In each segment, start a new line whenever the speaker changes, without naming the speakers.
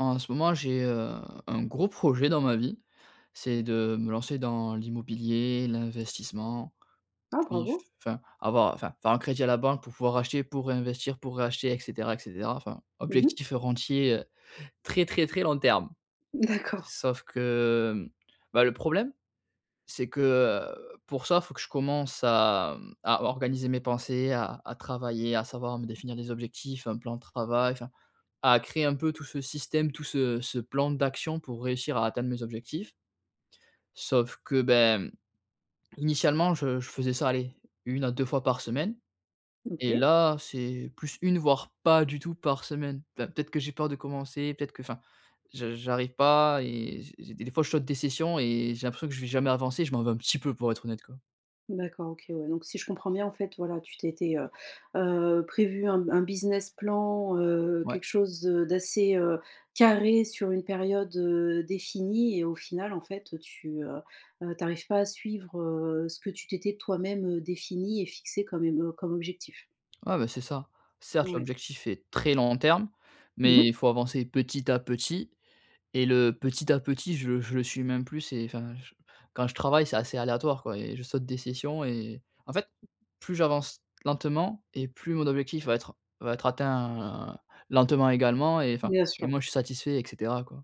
En ce moment j'ai, heu, un gros projet dans ma vie, c'est de me lancer dans l'immobilier, l'investissement,
Ah
puis, f
bravo.
enfin avoir, enfin, faire un crédit à la banque pour pouvoir acheter, pour réinvestir, pour réacheter, et cetera, et cetera, enfin,
Mmh mh.
objectif heu rentier, heu très, très, très long terme.
D'accord.
Sauf que, hem, bah le problème c'est que, heu, pour ça faut que je commence à, mmh, à organiser mes pensées, à à travailler, à savoir me définir des objectifs, un plan de travail. Enfin à créer un peu tout ce système, tout ce ce plan d'action pour réussir à atteindre mes objectifs sauf que, ben, mmh, initialement, je je faisais ça aller 1 à 2 fois par semaine, et
OK.
là, c'est plus 1 voire pas du tout par semaine. Enfin peut-être que j'ai peur de commencer, peut-être que, enfin, j j'arrive pas et j j des des fois je saute des sessions, et j'ai l'impression que je vais jamais avancer et je m'en veux un petit peu pour être honnête quoi.
D'accord, OK, ouais, donc, si je comprends bien en fait, voilà, tu t'étais, heu, heu, prévu un b un business plan, heu,
Ouais.
quelque chose, heu, d'assez, heu, carré sur une période, heu, définie, et au final en fait, heu, tu, heu, heu, tu arrives pas à suivre, heu, ce que tu t'étais toi-même, heu, défini et fixé comme em heu, comme objectif.
Ouais ben, c'est ça. Certes
Ouais.
l'objectif est très long terme,
Mmh
mais
mh.
il faut avancer petit à petit et le petit à petit je le je le suis même plus c'est enfin je quand je travaille c'est assez aléatoire quoi, et je saute des sessions et en fait plus j'avance lentement et plus mon objectif va être va être atteint lentement également et enfin,
Bien
et
sûr.
moins je suis satisfait et cetera, quoi.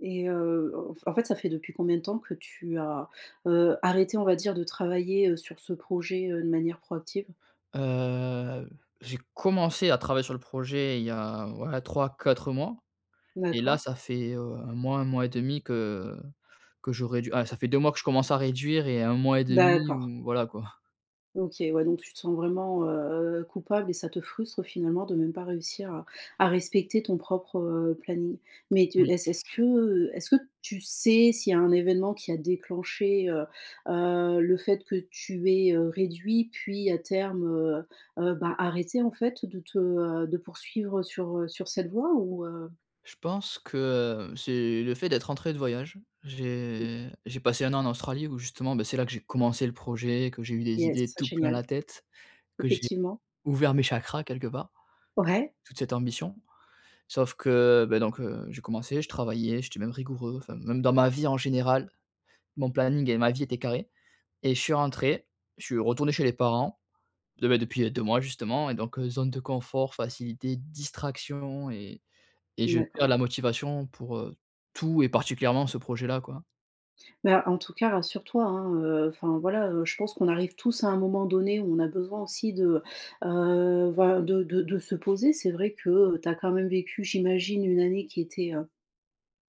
Et heu, en en fait, ça fait depuis combien de temps que tu as, heu, arrêté, on va dire, de travailler, heu, sur ce projet, heu, de manière proactive?
Heu, j'ai commencé à travailler sur le projet il y a, ouais, 3-4 mois, et là
D'accord.
ça fait, heu, 1-1,5 que que j'aurais dû heu, ça fait 2 mois que je commence à réduire et 1 mois et 1/2
D'accord.
ou, voilà quoi.
OK, ouais, donc tu te sens vraiment, heu, coupable et ça te frustre finalement de même pas réussir à à respecter ton propre, heu, planning mais tu
Moui.
est-ce est-ce que, heu, est-ce que tu sais s'il y a un événement qui a déclenché, heu heu, le fait que tu aies, heu, réduit puis à terme, heu heu, bah, arrêté en fait de te, heu, de poursuivre sur, heu, sur cette voie ou heu?
Je pense que, heu, c'est le fait d'être rentré de voyage.
Mmh.
J'ai j'ai passé 1 an en Australie où justement, ben, c'est là que j'ai commencé le projet, que j'ai eu des
Yes,
idées
ça,
tout plein la
génial.
tête, que j'ai
Effectivement.
ouvert mes chakras quelque part,
Ouais.
toute cette ambition sauf que, beh, donc heu, j'ai commencé, je travaillais, j'étais même rigoureux, enfin, même dans ma vie en général. Mon planning et ma vie était carré et je suis rentré, je suis retourné chez les parents, de ben, depuis 2 mois justement et donc heu, zone de confort, facilités, distractions et et je
D'accord.
perds la motivation pour, heu, tout et particulièrement ce projet-là, quoi.
Mais en tout cas, rassure-toi, hein, heu, enfin, voilà, heu, je pense qu'on arrive tous à un moment donné où on a besoin aussi de, heu, voilà, de de de se poser. C'est vrai que tu as quand même vécu, j'imagine, une année qui était, heu,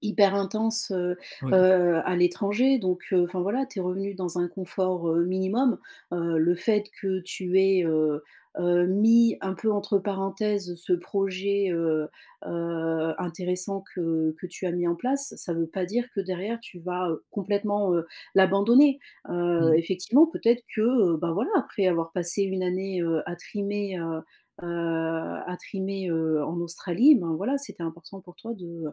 hyper intense, heu
Oui.
heu, à l'étranger, donc heu, enfin, voilà, tu es revenu dans un confort, heu, minimum, heu, le fait que tu aies, heu heu, mis un peu entre parenthèses ce projet, heu heu, intéressant que que tu as mis en place, ça veut pas dire que derrière tu vas, heu, complètement, heu, l'abandonner, heu,
Mmh.
effectivement, peut-être que, heu, ben, voilà, après avoir passé 1 année, heu, à trimer, heu heu, à trimer, heu, en Australie, ben voilà c'était important pour toi de,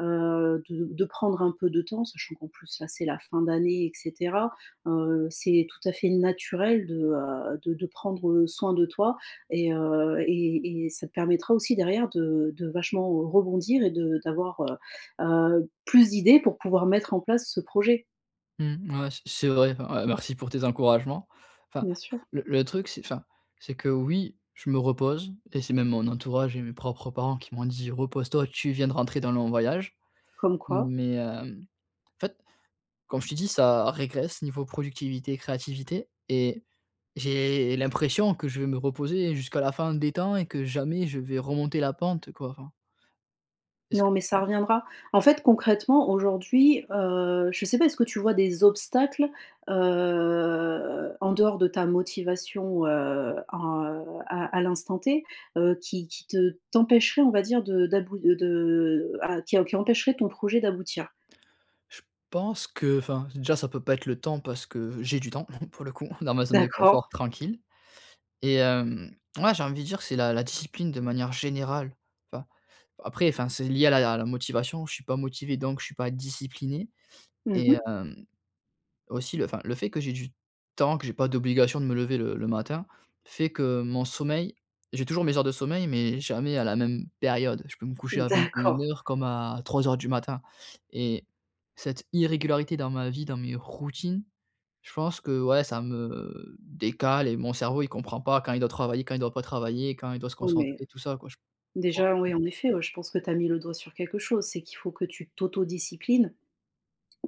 heu, de de prendre un peu de temps sachant qu'en plus là c'est la fin d'année et cetera, heu, c'est tout à fait naturel de, heu, de de prendre soin de toi et heu et et ça te permettra aussi derrière de de vachement rebondir et de d'avoir heu heu, plus d'idées pour pouvoir mettre en place ce projet.
Mmh, ouais, c c'est vrai, ouais, merci pour tes encouragements! Enfin
Bien sûr.
le le truc c'est, enfin, c'est que oui je me repose, et c'est même mon entourage et mes propres parents qui m'ont dit: «repose-toi, tu viens de rentrer d'un long voyage.»
Comme quoi?
mais heu, en fait, comme je t'ai dit, ça régresse niveau productivité, créativité et j'ai l'impression que je vais me reposer jusqu'à la fin des temps et que jamais je vais remonter la pente quoi, enfin Est ce que
Non, mais ça
ouais.
reviendra. En fait, concrètement, aujourd'hui, heu, je sais pas, est-ce que tu vois des obstacles, heu, en dehors de ta motivation, heu, en, heu, à à l'instant T, heu, qui qui te t'empêcherait, on va dire, de d'about heu, de, heu, ah, qui em qui empêcherait ton projet d'aboutir?
Je pense que enfin, déjà ça peut pas être le temps, parce que j'ai du temps, pour le coup, dans ma zone de confort
D'accord.
tranquille. Et heu, mouais, j'ai envie de dire, c'est la discipline de manière générale, enfin, après, enfin, c'est lié à la la motivation, je suis pas motivé donc je suis pas discipliné. Et
Mmh-mh.
hem, aussi le enfin le fait que j'ai du temps, que j'ai pas d'obligation de me lever le le matin, fait que mon sommeil j'ai toujours mes heures de sommeil mais jamais à la même période. Je peux me coucher à vingt-et-une
D'accord!
heures comme à 03:00 du matin, et cette irrégularité dans ma vie, dans mes routines, je pense que, ouais, ça me décale et mon cerveau il comprend pas quand il doit travailler, quand il doit pas travailler, quand il doit se
[unintelligible]
concentrer, tout ça quoi. J
Déjà, ouais,
[unintelligible]
en effet, je pense que tu as mis le doigt sur quelque chose, c'est qu'il faut que tu t'autodisciplines.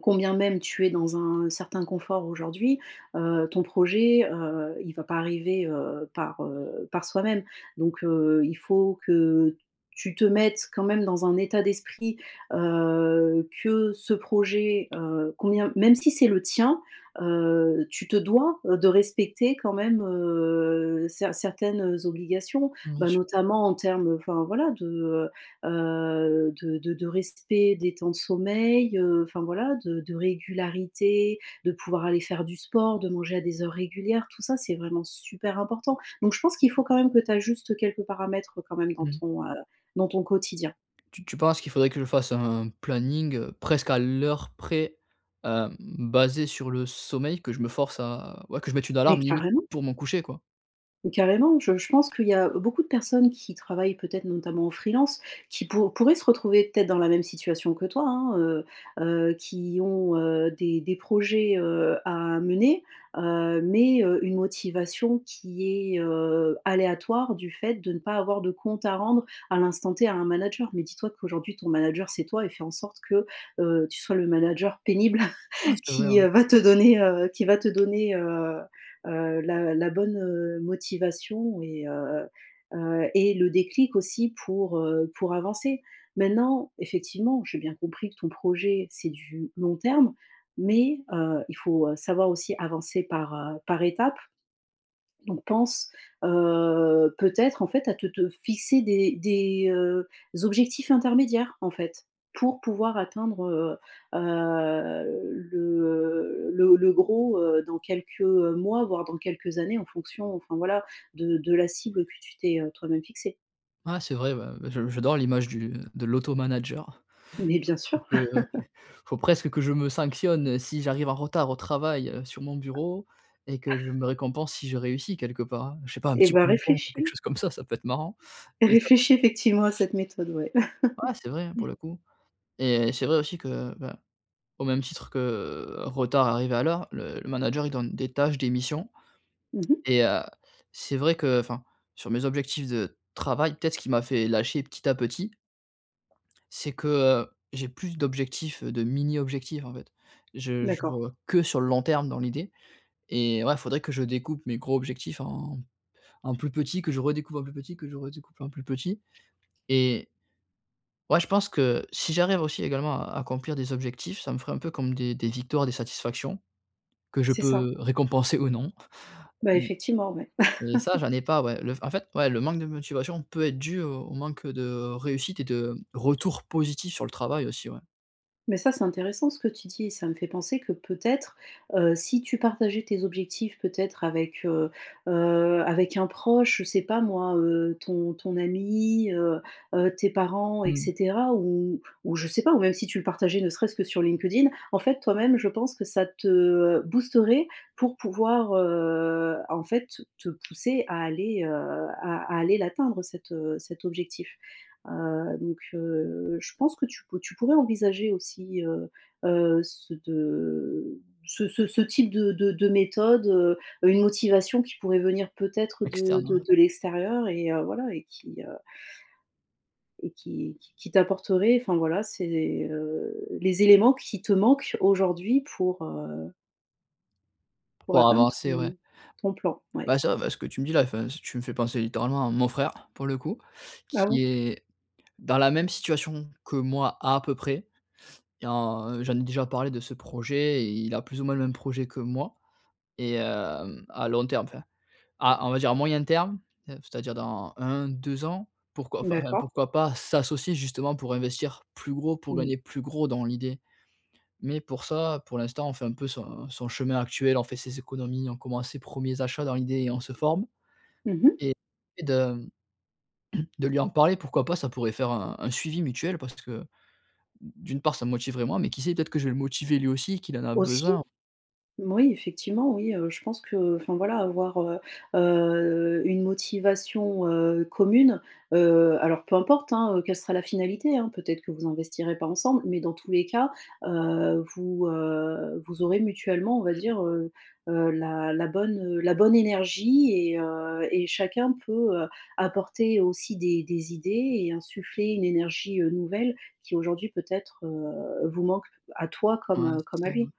Combien même tu es dans un certain confort aujourd'hui, heu, ton projet, heu, il va pas arriver, heu, par, heu, par soi-même. Donc heu, il faut que tu te mettes quand même dans un état d'esprit, heu, que ce projet, heu, combien même si c'est le tien, heu, tu te dois de respecter quand même, heu, cert certaines obligations.
Bien
Bah,
su
notamment en termes, enfin voilà, de, heu heu, de de de respect des temps de sommeil, heu, enfin voilà, de de régularité, de pouvoir aller faire du sport, de manger à des heures régulières, tout ça c'est vraiment super important. Donc je pense qu'il faut quand même que tu ajustes quelques paramètres, quand même, dans
Mmh.
ton, heu, dans ton quotidien.
Tu tu penses qu'il faudrait que je fasse un planning, heu, presque à l'heure près, hem, basé sur le sommeil? Que je me force à ouais, que je mette une
Mais
alarme, limite,
carrément!
pour mon coucher, quoi?
Carrément! Je je pense qu'il y a beaucoup de personnes qui travaillent, peut-être notamment en freelance, qui pou pourraient se retrouver peut-être dans la même situation que toi, hein, heu heu, qui ont, heu, des des projets, heu, à mener, heu, mais heu, une motivation qui est, heu, aléatoire, du fait de ne pas avoir de compte à rendre à l'instant T à un manager. Mais dis-toi qu'aujourd'hui, ton manager c'est toi, et fais en sorte que, heu, tu sois le manager pénible
Ah! C'est vrai,
qui
ouais.
va te donner, heu, qui va te donner, heu heu, la la bonne motivation et heu heu, et le déclic aussi pour, heu, pour avancer. Maintenant, effectivement, j'ai bien compris que ton projet, c'est du long terme, mais heu, il faut, heu, savoir aussi avancer par par étapes. Donc pense, heu, peut-être en fait, à te te fixer des des, heu, objectifs intermédiaires, en fait, pour pouvoir atteindre, heu heu, le, heu, le, heu, le gros, heu, dans quelques, heu, mois voire dans quelques années en fonction, enfin voilà, de de la cible que tu t'es toi même fixée.
Ouais! C'est vrai, ouais, j j'adore l'image du de l'auto manager.
Mais bien
Faut faut
sûr!
que faut presque que je me sanctionne si j'arrive en retard au travail sur mon bureau et que je me récompense si je réussis quelque part, hein, je sais pas, un
Eh
petit
bah
bonbon ou quelque
réfléchis.
chose comme ça, ça peut être marrant! Et ça [unintelligible]
Réfléchis, effectivement, à cette méthode, ouais.
Ouais, c'est vrai,
Mmh.
pour le coup, et c'est vrai aussi que, bah, au même titre que retard, arrivé à l'heure le manager il donne des tâches, des missions.
Mmh mh.
Et heu, c'est vrai que enfin, sur mes objectifs de travail peut-être ce qui m'a fait lâcher petit à petit c'est que, heu, j'ai plus d'objectifs, de mini objectifs, en fait. Je je
D'accord.
vois que, sur le long terme, dans l'idée, et ouais, faudrait que je découpe mes gros objectifs en en plus petit, que je redécoupe en plus petit, que je redécoupe en plus petit, et ouais, je pense que si j'arrive aussi, également, à accomplir des objectifs, ça me ferait un peu comme des des victoires, des satisfactions, que je
C'est ça.
peux récompenser ou non.
Bah,
M
effectivement, ouais.
mais ça, j'en ai pas, ouais. Le f en fait, ouais, le manque de motivation peut être dû au au manque de réussite, et de retour positif sur le travail aussi, ouais.
Mais ça, c'est intéressant ce que tu dis, et ça me fait penser que peut-être, heu, si tu partageais tes objectifs, peut-être avec, heu heu, avec un proche, je sais pas moi, heu, ton ton ami, heu heu, tes parents et
Mmh.
cetera. Ou ou je sais pas, ou même si tu le partageais ne serait-ce que sur LinkedIn. En fait toi-même je pense que ça te, heu, boosterait pour pouvoir, heu, en fait, te pousser à aller, heu, à à aller l'atteindre cet, heu, cet objectif. Heu, donc heu, je pense que tu pou tu pourrais envisager aussi, heu heu, ce de ce ce ce type de de de méthode, heu, une motivation qui pourrait venir peut-être de
Externe,
de
ouais.
de l'extérieur, et heu, voilà et qui heu et qui qui qui t'apporterait, enfin, voilà, c'est, heu, les éléments qui te manquent aujourd'hui, pour heu pour
Pour
atteindre
avancer, ouais
ton ton plan, ouais.
Bah c'est vrai, ben, ce que tu me dis là, enfin, si tu me fais penser littéralement à mon frère, pour le coup,
Ah
qui
bon?
est dans la même situation que moi à peu près, et en j'en ai déjà parlé de ce projet et il a plus ou moins le même projet que moi. Et hem, à long terme, enfin, à on va dire, à moyen terme, heu, f c'est-à-dire dans 1-2 ans, pourquoi, enfin,
D'accord.
pourquoi pas s'associer justement pour investir plus gros, pour
Oui.
gagner plus gros, dans l'idée. Mais pour ça, pour l'instant on fait un peu son son chemin actuel, on fait ses économies, on commence ses premiers achats, dans l'idée, et on se forme.
Mmh mh.
Et et de de lui en parler pourquoi pas ça pourrait faire un un suivi mutuel parce que, d'une part ça me motiverait moi, mais qui sait, peut-être que je vais le motiver lui aussi, qu'il en a
Aussi!
besoin.
Moui, effectivement, oui, heu, je pense que, enfin voilà avoir, heu heu, une motivation, heu, commune, heu, alors peu importe, hein, quelle sera la finalité, hein, peut-être que vous investirez pas ensemble. Mais dans tous les cas, heu, vous, heu, vous aurez mutuellement on va
Mmh mh.
dire, heu heu, la la bonne la bonne énergie, et heu, et chacun peut apporter aussi des des idées et insuffler une énergie, heu, nouvelle, qui aujourd'hui peut-être, heu, vous manque à toi
Ouais,
comme comme
c'est
à
ça, ouais.
lui.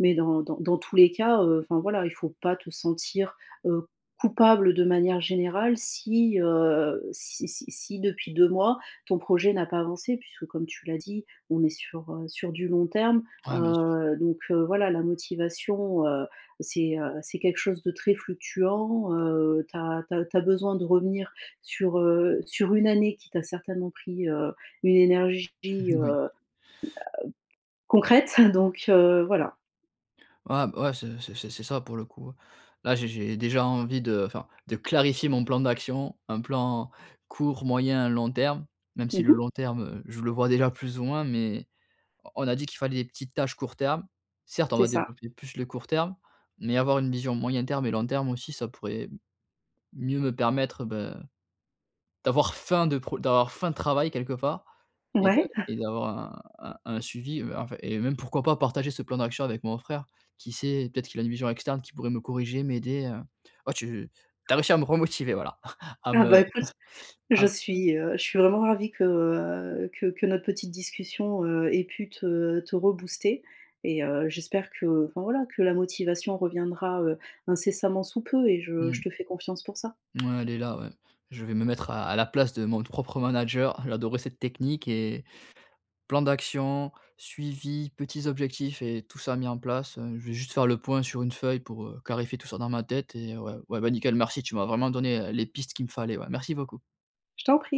Mais dans dans dans tous les cas, heu, enfin voilà, il faut pas te sentir, heu, coupable de manière générale si, heu, si si si depuis 2 mois, ton projet n'a pas avancé puisque comme tu l'as dit, on est sur, heu, sur du long terme.
Ouais, bien sûr.
Heu, donc voilà, la motivation, heu, c'est, heu, c'est quelque chose de très fluctuant, heu, tu as tu as tu as besoin de revenir sur, heu, sur une année qui t'a certainement pris, heu, une énergie,
Oui.
heu, concrète, donc voilà.
Ah bah ouais, c'est c'est c'est c'est ça pour le coup. Là, j'ai j'ai déjà envie de, enfin, de clarifier mon plan d'action. Un plan court, moyen, long terme. Même si
Mmh
le
mh.
long terme, je le vois déjà plus ou moins mais on on a dit qu'il fallait des petites tâches court terme. Certes on
C'est
va
ça.
développer plus le court terme mais avoir une vision moyen terme et long terme aussi ça pourrait mieux me permettre, bah, d'avoir faim de pro d'avoir faim de travail quelque part. Et de
Ouais.
et d'avoir un un un suivi, enfin et même pourquoi pas partager ce plan d'action avec mon frère, qui sait? Peut-être qu'il a une vision externe qui pourrait me corriger m'aider, heu, heu, tu tu as réussi à me remotiver, voilà, à
Ah
me
bah écoute je
à
suis, heu, je suis vraiment ravie que, heu, que que notre petite discussion, heu, ait pu te te rebooster. Et heu, j'espère que, enfin, voilà, que la motivation reviendra, heu, incessamment sous peu et je je
Mmh.
te fais confiance pour ça.
Ouais, elle est là, ouais. Je vais me mettre à à la place de mon t propre manager. Elle adorait cette technique et plan d'action, suivi, petits objectifs et tout ça mis en place, heu, je vais juste faire le point sur une feuille pour, heu, clarifier tout ça dans ma tête. Et ouais, ouais, bah, nickel, merci, tu m'as vraiment donné, heu, les pistes qu'il me fallait, ouais, merci beaucoup.
Je t'en prie.